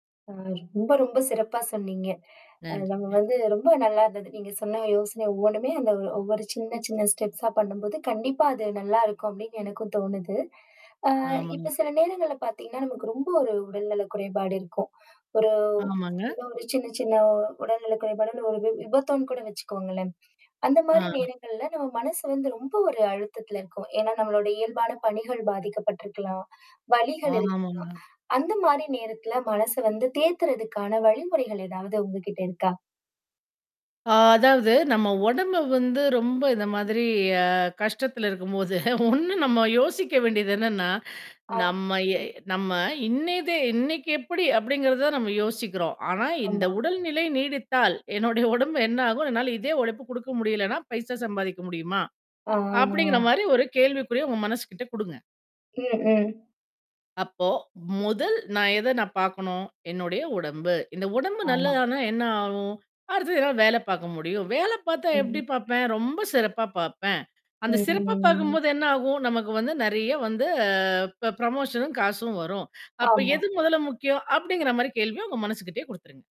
அ ரொம்ப, ரொம்ப சிறப்பா சொன்னீங்க. அ நன்றி. நம்ம அ வந்து ரொம்ப நல்லா இருந்தது. நீங்க சொன்ன யோசனை ஒவ்வொன்னுமே அந்த ஒவ்வொரு சின்ன, சின்ன ஸ்டெப்ஸா பண்ணும்போது, கண்டிப்பா அது நல்லாயிருக்கும் அப்பிடின்னு எனக்கும் தோணுது. ஆ இப்ப ஆமாங்க. சில நேரங்கள்ல பார்த்தீங்கன்னா, நமக்கு ரொம்ப ஒரு உடல் நல குறைபாடு இருக்கும். ஒரு ஆமாங்க. ஏதோ ஒரு சின்ன, சின்ன உடல்நலக் குறைபாடோ! ஒரு வி விபத்தோன்னு கூட வச்சிக்கோங்களேன். ஆ. அந்தமாரி நேரங்கள்ல நம்ம மனசு வந்து ரொம்ப ஒரு அழுத்தத்தில இருக்கும். ஏன்னா, நம்மளோட இயல்பான பணிகள் பாதிக்கப்பட்டு இருக்கலாம். வலிகள் இருக்கலாம். ஆமாங்க. அந்தமாரி நேரத்தில மனச வந்து தேத்துறதுக்கான வழிமுறைகள் ஏதாவது உங்கக்கிட்ட இருக்கா? அ அதாவது நம்ம உடம்பு வந்து ரொம்ப இந்த மாதிரி அ கஷ்டத்தில இருக்கும்போது, ஒண்ணு நம்ம யோசிக்க வேண்டியது என்னன்னா. ஆ. நம்ம எ நம்ம இன்னய தே இன்னைக்கி எப்பிடி அப்பிடிங்கிறத நம்ம யோசிக்கிறோம். ஆனா, இந்த ஆம்மா. உடல்நிலை நீடித்தால் என்னுடைய உடம்பு என்ன ஆகும். அதனால இதே உழைப்பு கொடுக்க முடியலன்னா, பைசா சம்பாதிக்க முடியுமா? ஆ, ஆ, ஆ. அப்பிடிங்கிறமாரி ஒரு கேள்விக்குறிய உங்க மனசுகிட்ட குடுங்க. ம், ம். அப்போ, முதல் நான் எத நான் பார்க்கணும், என்னுடைய உடம்பு. இந்த உடம்பு ஆமா. நல்லதானா என்ன ஆகும்? அடுத்தது எதாவது வேல பார்க்க முடியும். வேல பார்த்தா ம். எப்பிடி பார்ப்பேன், ரொம்ப சிறப்பா பார்ப்பேன். அந்த ம், ம். சிறப்பா ம். ம். பார்க்கும்போது என்ன ஆகும்? நமக்கு வந்து நிறைய வந்து அ ப புரமோஷனும் காசும் வரும். அப்ப ஆமா. எது முதல முக்கியம் அப்பிடிங்கிறமாரி கேள்விய உங்க மனசுகிட்டேயே குடுத்துருங்க.